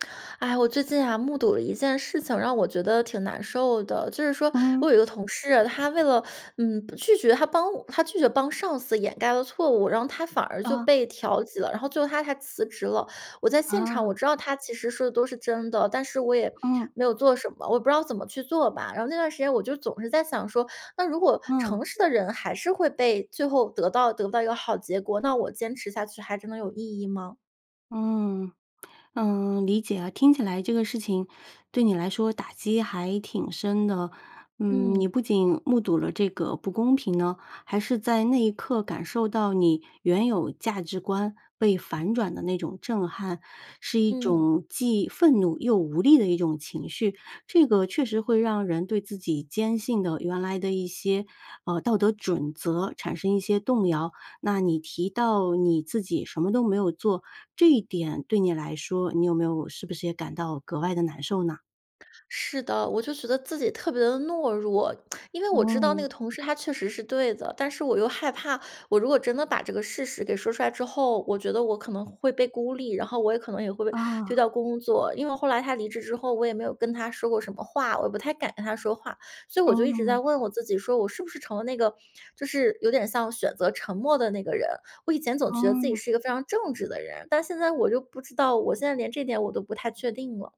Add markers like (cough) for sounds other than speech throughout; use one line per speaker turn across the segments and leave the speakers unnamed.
(smacks lips) 哎，我最近呀目睹了一件事情，让我觉得挺难受的。就是说我
嗯。
有一个同事，他为了嗯，拒绝他帮他拒绝帮上司掩盖了错误，然后他反而就
啊。
被调级了，然后最后他还辞职了。我在现场我
啊。
知道他其实说的都是真的，但是我也
嗯。
没有做什么，我也不知道怎么去做吧。然后那段时间我就总是在想说，那如果
嗯。
诚实的人还是会被最后得到得不到一个好结果，那我坚持下去还真的有意义吗？
嗯，(smacks lips) 嗯，理解啊，听起来这个事情对你来说打击还挺深的。嗯，你
嗯。
不仅目睹了这个不公平呢，还是在那一刻感受到你原有价值观被反转的那种震撼，是一
嗯。
种既愤怒又无力的一种情绪，这个确实会让人对自己坚信的原来的一些，呃，道德准则产生一些动摇。那你提到你自己什么都没有做，这一点对你来说你有没有是不是也感到格外地难受呢？
是的，我就觉得自己特别地懦弱。(smacks lips) 因为我知道那
嗯。
个同事他确实是对的，但是我又害怕。我如果真的把这个事实给说出来之后，我觉得我可能会被孤立，然后我也可能也会被丢
啊。
掉工作。因为后来他离职之后，我也没有跟他说过什么话，我也不太敢跟他说话。所以我就一直在
嗯。
问我自己，说我是不是成了那个就是有点像选择沉默的那个人？我以前总觉得自己
嗯。
是一个非常正直的人，但现在我就不知道，我现在连这点我都不太确定了。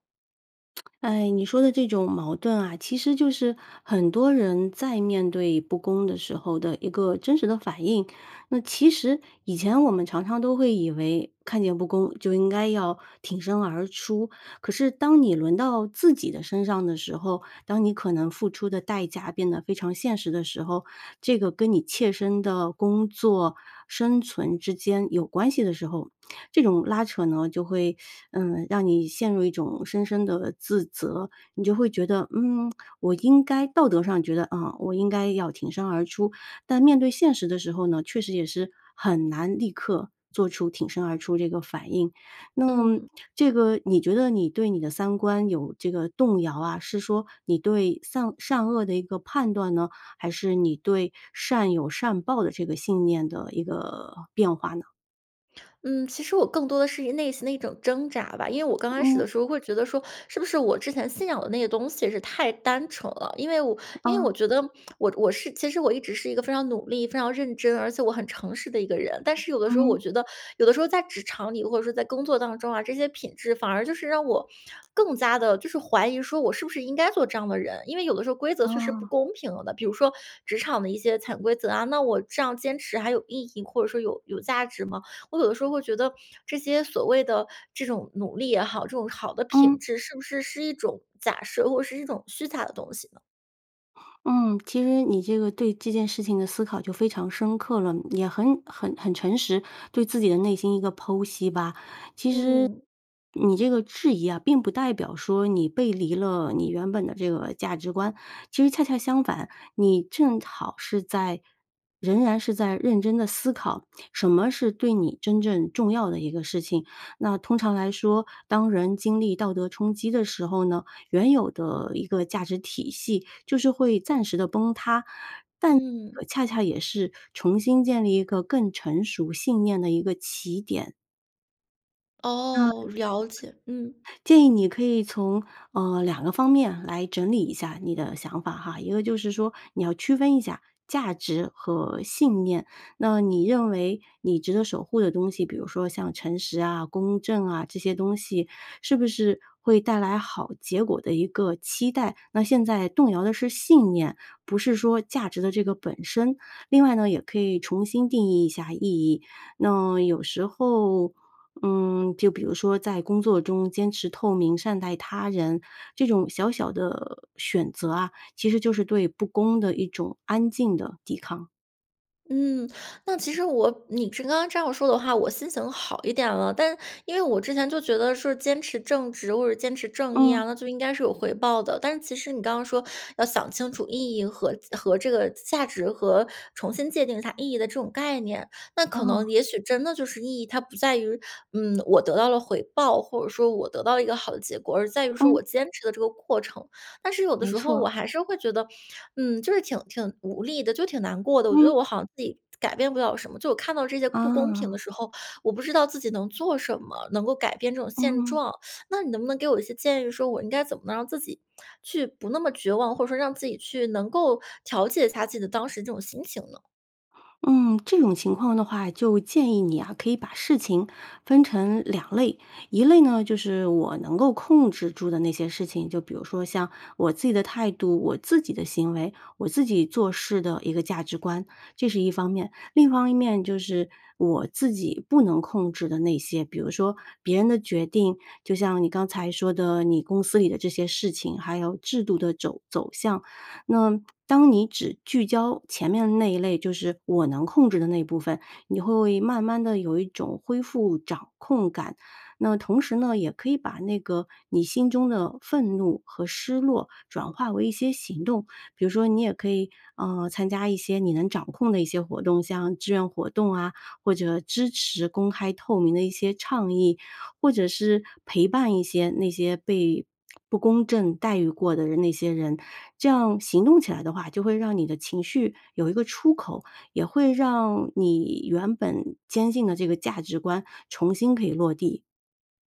(tsk) 哎，你说的这种矛盾啊，其实就是很多人在面对不公的时候的一个真实的反应。那其实以前我们常常都会以为看见不公就应该要挺身而出，可是当你轮到自己的身上的时候，当你可能付出的代价变得非常现实的时候，这个跟你切身的工作、生存之间有关系的时候，这种拉扯呢就会，嗯，让你陷入一种深深地自责。你就会觉得，嗯，我应该道德上觉得，啊，我应该要挺身而出，但面对现实的时候呢，确实也是很难立刻做出挺身而出这个反应。那么
嗯。
这个你觉得你对你的三观有这个动摇啊，是说你对善善恶的一个判断呢，还是你对善有善报的这个信念的一个变化呢？
嗯，其实我更多地是一内心的一种挣扎吧。因为我刚开始
嗯。
的时候会觉得说，是不是我之前信仰的那个东西是太单纯了。因为我因为
哦。
我觉得 (smacks lips) 我我是其实我一直是一个非常努力、非常认真、而且我很诚实的一个人。但是有的时候我
嗯。
觉得有的时候在职场里，或者说在工作当中啊，这些品质反而就是让我更加地就是怀疑说我是不是应该做这样的人？因为有的时候规则确实不
哦。
公平的，比如说职场的一些潜规则啊，那我这样坚持还有意义，或者说有有价值吗？我有的时候会觉得，这些所谓的这种努力也好，这种好的品
嗯。
质是不是是一种假设或者是一种虚假的东西呢？
嗯，其实你这个对这件事情的思考就非常深刻了，嗯，也很很很诚实，对自己的内心一个剖析吧。
嗯。
其实，你这个质疑啊，并不代表说你背离了你原本的这个价值观。其实恰恰相反，你正好是在仍然是在认真地思考，什么是对你真正重要的一个事情。那通常来说，当人经历道德冲击的时候呢，原有的一个价值体系就是会暂时地崩塌，但
嗯。
呃，恰恰也是重新建立一个更成熟信念的一个起点。嗯。
哦，了解，嗯。
建议你可以从呃，两个方面来整理一下你的想法哈。一个就是说你要区分一下价值和信念。那你认为你值得守护的东西，比如说像诚实啊、公正啊，这些东西是不是会带来好结果的一个期待？那现在动摇的是信念，不是说价值的这个本身。另外呢，也可以重新定义一下意义，那有时候，嗯，就比如说在工作中坚持透明，善待他人，这种小小的选择啊，其实就是对不公的一种安静的抵抗。
嗯，那其实我你是刚刚这样说的话，我心情好一点了，但因为我之前就觉得是坚持正直或者坚持正义啊，
嗯。
那就应该是有回报的，但是其实你刚刚说要想清楚意义和和这个价值和重新界定它意义的这种概念，那可能
哦。
也许真的就是意义，它不在于，嗯，我得到了回报，或者说我得到了一个好的结果。而在于说我
嗯。
坚持的这个过程。但是有的
没
时
错
候
儿。
我还是会觉得，嗯，就是挺挺无力的，就挺难过的，我觉得
嗯。
我好像自己改变不了什么，就我看到这些不公平的
哦。
时候，我不知道自己能做什么，能够改变这种现
嗯。
状。(sucks teeth) 那你能不能给我一些建议说我应该怎么能让自己去不那么绝望，或者说让自己去能够调节一下自己的当时这种心情呢？
嗯，这种情况的话就建议你啊，可以把事情分成两类。一类呢，就是我能够控制住的那些事情，就比如说，像我自己的态度、我自己的行为、我自己做事的一个价值观，这是一方面。另一方面就是，我自己不能控制的那些，比如说，别人的决定，就像你刚才说的你公司里的这些事情，还有制度的肘走向。那当你只聚焦前面那一类，就是我能控制的那部分，你会慢慢地有一种恢复掌控感。那么同时呢，也可以把那个，你心中的愤怒和失落转化为一些行动，比如说，你也可以，呃，参加一些你能掌控的一些活动，像志愿活动啊，或者支持公开透明的一些倡议。或者是陪伴一些那些被不公正待遇过的人那些人。这样行动起来的话，就会让你的情绪有一个出口，也会让你原本坚信的这个价值观，重新可以落地。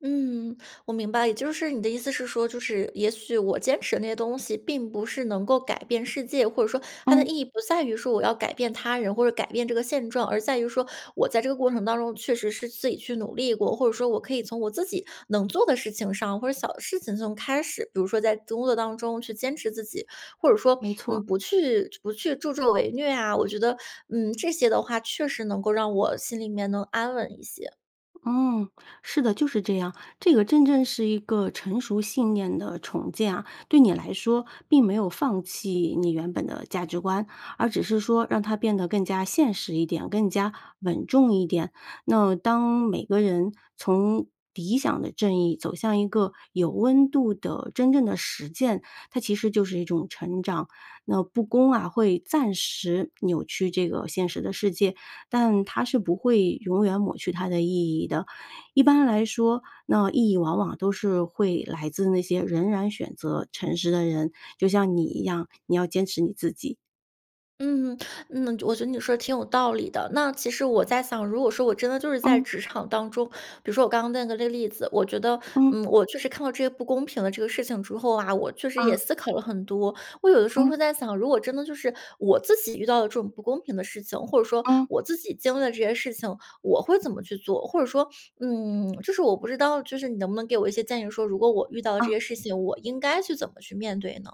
嗯，我明白。也就是你的意思是说，就是也许我坚持的那些东西并不是能够改变世界，或者说它的
嗯。
意义不在于说我要改变他人或者改变这个现状，而在于说我在这个过程当中确实是自己去努力过，或者说我可以从我自己能做的事情上，或者小的事情中开始。比如说在工作当中去坚持自己，或者说
没错
你
儿。
不去不去助纣为虐啊。我觉得，嗯，这些的话确实能够让我心里面能安稳一些。
嗯，是的，就是这样。这个真正是一个成熟信念的重建啊。对你来说，并没有放弃你原本的价值观，而只是说让它变得更加现实一点，更加稳重一点。那当每个人从理想的正义走向一个有温度的真正的实践，它其实就是一种成长。那不公啊，会暂时扭曲这个现实的世界，但它是不会永远抹去它的意义的。一般来说，那意义往往都是会来自那些仍然选择诚实的人，就像你一样，你要坚持你自己。
嗯嗯，(inhales) 嗯，我觉得你说得挺有道理的。那其实我在想，如果说我真的就是在
嗯。
职场当中，比如说我刚刚问的这个例子，我觉得，
嗯。
嗯，我就是看到这些不公平的这个事情之后啊，我确实
啊。
也思考了很多，我有的时候
嗯。
会在想，如果真的就是，我自己遇到了这种不公平的事情，或者说
嗯。
我自己经历的这些事情，我会怎么去做？或者说，嗯，就是我不知道就是你能不能给我一些建议说，如果我遇到了这
哦。
些事情，我应该去怎么去面对呢？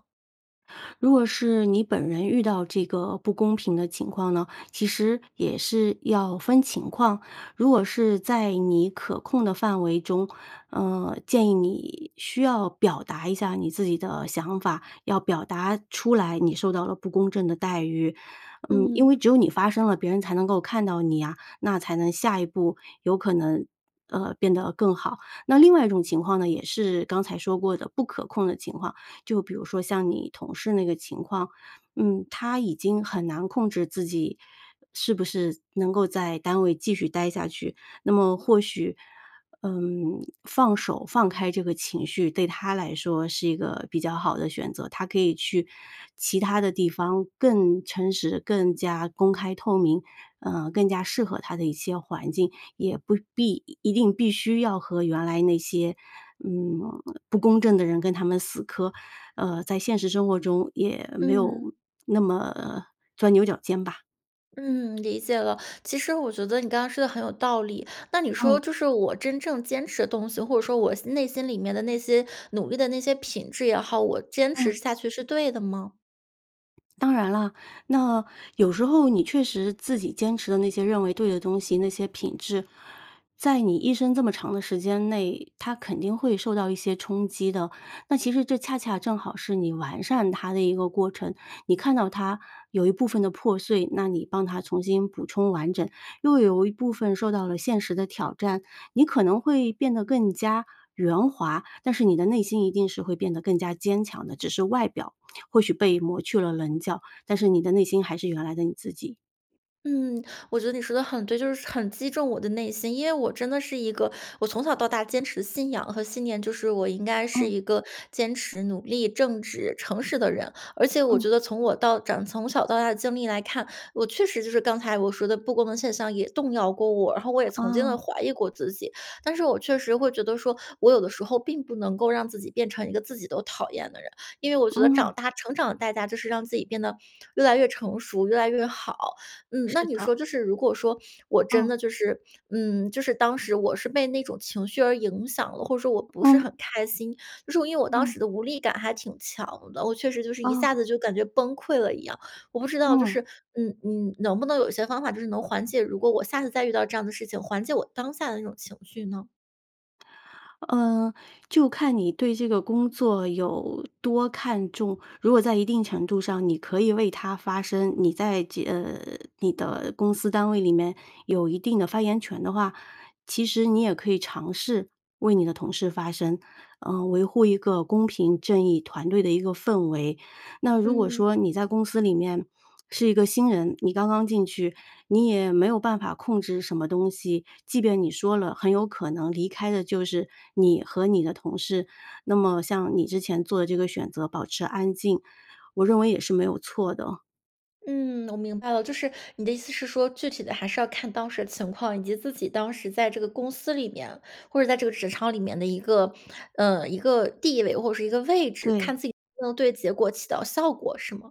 如果是你本人遇到这个不公平的情况呢，其实也是要分情况。如果是在你可控的范围中，呃，建议你需要表达一下你自己的想法，要表达出来你受到了不公正的待遇。嗯，因
嗯。
为只有你发声了，别人才能够看到你呀，那才能下一步有可能，呃，变得更好。那另外一种情况呢，也是刚才说过的不可控的情况，就比如说像你同事那个情况，嗯，他已经很难控制自己是不是能够在单位继续待下去。那么或许，呃，放手放开这个情绪对他来说是一个比较好的选择，他可以去其它的地方更诚实，更加公开透明，呃，更加适合他的一些环境。也不必一定必须要和原来那些，嗯，不公正的人跟他们死磕，呃，在现实生活中也没有
嗯。
那么钻牛角尖吧。
嗯，理解了。其实我觉得你刚刚说得很有道理。那你说，
嗯。
就是我真正坚持的东西，或者说我心内心里面的那些努力的那些品质也好，我坚持
嗯。
下去是对的吗？
当然了，那有时候你确实自己坚持的那些认为对的东西，那些品质，在你一生这么长的时间内，它肯定会受到一些冲击的。那其实这恰恰正好是你完善它的一个过程，你看到它有一部分的破碎，那你帮它重新补充完整；又有一部分受到了现实的挑战，你可能会变得更加圆滑，但是你的内心一定是会变得更加坚强的。只是外表或许被抹去了棱角，但是你的内心还是原来的你自己。
嗯，我觉得你说得很对，就是很击中我的内心。因为我真的是一个，我从小到大坚持信仰和信念，就是我应该是
嗯。
一个坚持努力、正直诚实的人。而且我
嗯。
觉得从我到长从小到大的经历来看，我确实就是刚才我说的不公的现象也动摇过我，然后我也曾经地
哦。
怀疑过自己。但是我确实会觉得说，我有的时候并不能够让自己变成一个自己都讨厌的人，因为我觉得长
嗯。
大成长的代价就是让自己变得越来越成熟、越来越好。嗯，那
是
你
的。
说就是如果说我真
哦。
的就是，嗯，就是当时我是被那种情绪而影响了，或者说我不是
嗯。
很开心，就是因为我当
嗯。
时的无力感还挺强的，我确实就是一
哦。
下子就感觉崩溃了一样。我不知道就
嗯。
是，嗯你能不能有一些方法就是能缓解如果我下次再遇到这样的事情，缓解我当下的那种情绪呢？
呃，就看你对这个工作有多看重。如果在一定程度上，你可以为它发声，你在这呃，你的公司单位里面有一定的发言权的话，其实你也可以尝试为你的同事发声。呃，维护一个公平正义团队的一个氛围。那如果
嗯。
说你在公司里面是一个新人，你刚刚进去，你也没有办法控制什么东西，即便你说了，很有可能离开的就是你和你的同事，那么像你之前做的这个选择保持安静，我认为也是没有错的。
嗯，我明白了，就是你的意思是说具体的还是要看当时的情况，以及自己当时在这个公司里面，或者在这个职场里面的一个，嗯一个地位或者是一个位置，
对。
看自己能对结果起到效果是吗？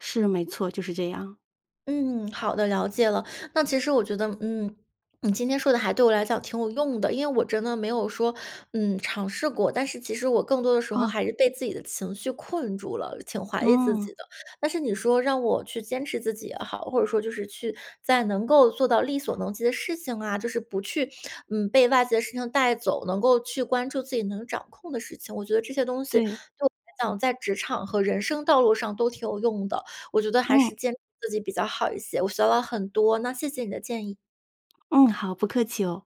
是，没错，就是这样。
嗯，好的，了解了。那其实我觉得，嗯，(swallows) 你今天说的还对我来讲还挺有用的，因为我真的没有说，嗯，尝试过，但是其实我更多的时候
哦。
还是被自己的情绪困住了，挺怀疑自
嗯。
己的。但是你说让我去坚持自己也好，或者说就是去在能够做到力所能及的事情啊，就是不去，嗯，被外界的事情带走，能够去关注自己能掌控的事情。我觉得这些东西对
对。
我来讲，在职场和人生道路上都挺有用的，我觉得还
嗯。
是坚持自己比较好一些，我学到了很多，那谢谢你的建议。
嗯，好，不客气哦。